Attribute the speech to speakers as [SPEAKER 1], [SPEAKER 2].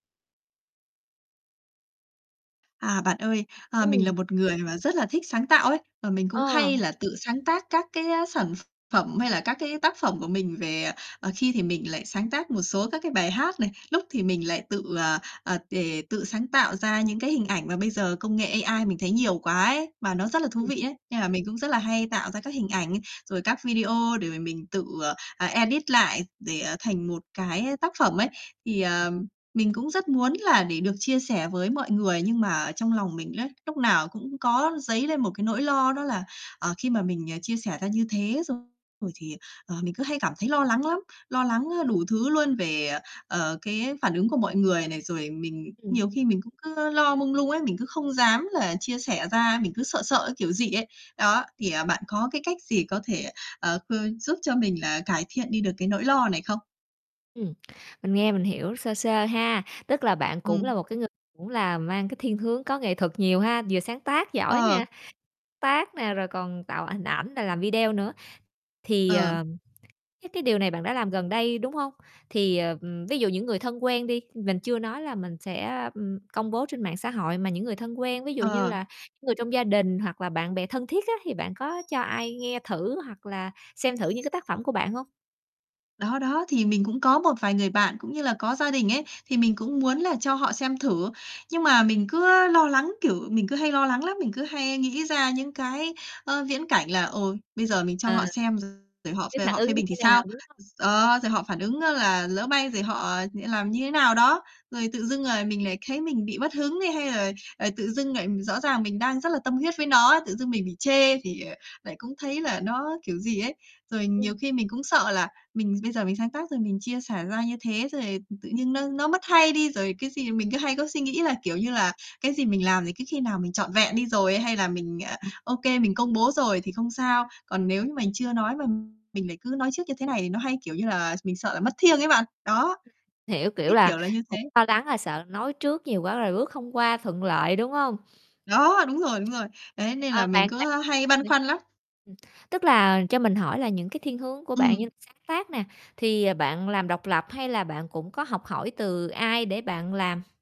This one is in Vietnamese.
[SPEAKER 1] À, bạn ơi, ờ, mình là
[SPEAKER 2] Ừm.
[SPEAKER 1] một người mà rất là thích sáng tạo ấy, và mình cũng
[SPEAKER 2] Ờ.
[SPEAKER 1] hay là tự sáng tác các cái, á, sản ph phẩm hay là các cái tác phẩm của mình về, ờ, ờ khi thì mình lại sáng tác một số các cái bài hát này, lúc thì mình lại tự, ờ, ờ, đề tự sáng tạo ra những cái hình ảnh mà bây giờ công nghệ AI mình thấy nhiều quá ấy, mà nó rất là thú
[SPEAKER 2] Ừm.
[SPEAKER 1] vị ấy, nên là mình cũng rất là hay tạo ra các hình ảnh, rồi các video để mà mình tự, ờ, à, edit lại để, ờ, thành một cái tác phẩm ấy. Thì,
[SPEAKER 2] [unintelligible]
[SPEAKER 1] ờ, mình cũng rất muốn là để được chia sẻ với mọi người, nhưng mà ở trong lòng mình ấy, lúc nào cũng có dấy lên một cái nỗi lo đó là, ờ, khi mà mình, ờ, chia sẻ ra như thế xong rồi thì, ờ, mình cứ hay cảm thấy lo lắng lắm. Lo lắng, á, đủ thứ luôn, về, ờ, ờ, cái phản ứng của mọi người này, rồi mình
[SPEAKER 2] Ừm.
[SPEAKER 1] nhiều khi mình cũng cứ lo mông lung ấy, mình cứ không dám là chia sẻ ra, mình cứ sợ sợ cái kiểu gì ấy. Đó, thì, à, bạn có cái cách gì có thể, ờ, khư giúp cho mình là cải thiện đi được cái nỗi lo này không?
[SPEAKER 2] Ừm, mình nghe mình hiểu sơ sơ ha, tức là bạn cũng là
[SPEAKER 1] Ừm.
[SPEAKER 2] một cái người cũng là mang cái thiên hướng có nghệ thuật nhiều ha, vừa sáng tác giỏi
[SPEAKER 1] Ờ.
[SPEAKER 2] nè, tác nè, rồi còn tạo hình ảnh rồi làm video nữa. Thì,
[SPEAKER 1] Ờ.
[SPEAKER 2] ờ, cái cái điều này bạn đã làm gần đây, đúng hông? Thì, ờ, ví dụ những người thân quen đi, mình chưa nói là mình sẽ, ừm, công bố trên mạng xã hội, mà những người thân quen, ví dụ như
[SPEAKER 1] Ờ.
[SPEAKER 2] là những người trong gia đình hoặc là bạn bè thân thiết á, thì bạn có cho ai nghe thử hoặc là xem thử những cái tác phẩm của bạn hông?
[SPEAKER 1] Đó, đó, thì mình cũng có một vài người bạn, cũng như là có gia đình ấy, thì mình cũng muốn là cho họ xem thử, nhưng mà mình cứ lo lắng, kiểu, mình cứ hay lo lắng lắm, mình cứ hay nghĩ ra những cái, ơ, viễn cảnh là "Ôi, bây giờ mình cho
[SPEAKER 2] À,
[SPEAKER 1] họ xem rồi họ
[SPEAKER 2] cái
[SPEAKER 1] về
[SPEAKER 2] phản
[SPEAKER 1] họ phê
[SPEAKER 2] ứng như
[SPEAKER 1] bình thì
[SPEAKER 2] thế
[SPEAKER 1] sao?"
[SPEAKER 2] nào, đúng hông?
[SPEAKER 1] D đó, rồi họ phản ứng á là lỡ may rồi họ lại làm như thế nào đó, rồi tự dưng, ờ, mình lại thấy mình bị mất hứng đi hay là, ờ, tự dưng lại rõ ràng mình đang rất là tâm huyết với nó ấy, tự dưng mình bị chê thì, ờ, lại cũng thấy là nó kiểu gì ấy. Rồi
[SPEAKER 2] Ừm.
[SPEAKER 1] nhiều khi mình cũng sợ là mình bây giờ mình sáng tác rồi mình chia sẻ ra như thế, rồi, ừm, tự nhiên nó nó mất hay đi, rồi, cái gì mình cứ hay có suy nghĩ là, kiểu như là, cái gì mình làm thì cứ khi nào mình trọn vẹn đi rồi ấy hay là mình, ờ,
[SPEAKER 2] Ừm.
[SPEAKER 1] OK, mình công bố rồi thì không sao, còn nếu như mình chưa nói mà mình lại cứ nói trước như thế này thì nó hay, kiểu như là, s mình sợ là mất thiêng ấy bạn, đó,
[SPEAKER 2] Hiểu, kiểu
[SPEAKER 1] cái
[SPEAKER 2] là,
[SPEAKER 1] kiểu là như thế.
[SPEAKER 2] cũng lo lắng là sợ nói trước nhiều quá rồi bước không qua thuận lợi, đúng hông?
[SPEAKER 1] Đó, đúng rồi, đúng rồi! Đấy, nên là
[SPEAKER 2] Ờ,
[SPEAKER 1] mình
[SPEAKER 2] bạn bạn
[SPEAKER 1] cứ, ơ, hay
[SPEAKER 2] ng
[SPEAKER 1] băn khoăn lắm.
[SPEAKER 2] ừm, tức là cho mình hỏi là những cái thiên hướng của bạn như là
[SPEAKER 1] Ừm.
[SPEAKER 2] sáng tác nè, thì bạn làm độc lập hay là bạn cũng có học hỏi từ ai để bạn làm?